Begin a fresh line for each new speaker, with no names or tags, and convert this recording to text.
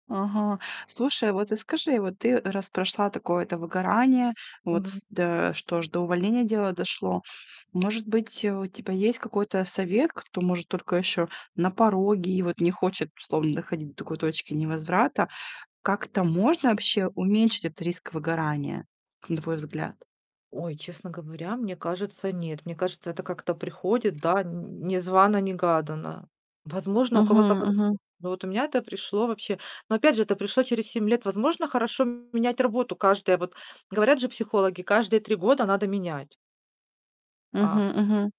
Ага. Слушай, вот и скажи, вот ты раз прошла такое, это выгорание, вот
Мгм.
с да, что аж до увольнения дело дошло. Может быть, у тебя есть какой-то совет, кто, может, только еще на пороге и вот не хочет, словом, доходить до такой точки невозврата. Как-то можно вообще уменьшить этот риск выгорания, на твой взгляд?
Ой, честно говоря, мне кажется, нет. Мне кажется, это как-то приходит, да, не незвано-негаданно. Возможно, у кого-то
Мгм
по-другому,
мгм.
но вот у меня это пришло вообще но, опять же, это пришло через 7 лет. Возможно, хорошо менять работу каждое вот говорят же психологи: каждые 3 года надо менять. А
Мгм мгм.